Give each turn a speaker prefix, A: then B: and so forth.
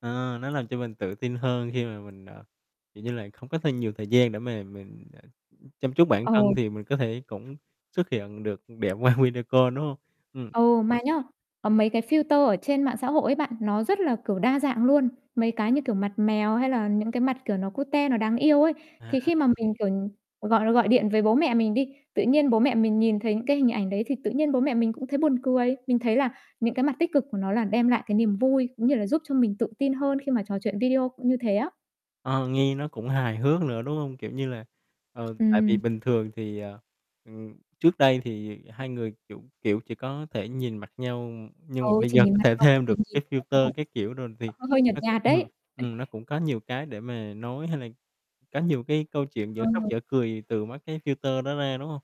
A: Ờ, nó làm cho mình tự tin hơn khi mà mình, à, kiểu như là, không có thêm nhiều thời gian để mà mình, à, chăm chút bản thân
B: Ừ.
A: thì mình có thể cũng xuất hiện được đẹp qua video call đúng hông? Ừm.
B: Ừ, mà nhớ, có mấy cái filter ở trên mạng xã hội ấy bạn, nó rất là, kiểu, đa dạng luôn. Mấy cái, như kiểu, mặt mèo hay là những cái mặt, kiểu, nó cute nó đáng yêu ấy.
A: À.
B: Thì khi mà mình, kiểu, ừm, gọi gọi điện với bố mẹ mình đi, tự nhiên bố mẹ mình nhìn thấy những cái hình ảnh đấy thì tự nhiên bố mẹ mình cũng thấy buồn cười. Mình thấy là những cái mặt tích cực của nó là đem lại cái niềm vui, cũng như là giúp cho mình tự tin hơn khi mà trò chuyện video cũng như thế á.
A: Ờ, nghe nó cũng hài hước nữa, đúng hông? Kiểu như là, ờ, tại vì
B: Ừm.
A: bình thường thì, ờ, ừm, trước đây thì 2 người, kiểu kiểu, chỉ có thể nhìn mặt nhau, nhưng mà
B: Ừ,
A: bây
B: thì
A: giờ
B: nhìn
A: có
B: mặt
A: thể
B: mộc
A: thêm
B: thì
A: được
B: nhìn
A: cái
B: [unintelligible] là cũng
A: filter các kiểu rồi thì
B: h hơi nhợt
A: nó cũng,
B: nhạt đấy.
A: ừm ừm, nó cũng có nhiều cái để mà nói, hay là có nhiều cái câu chuyện dở khóc,
B: Ừ.
A: dở cười từ mấy cái filter đó ra, đúng hông?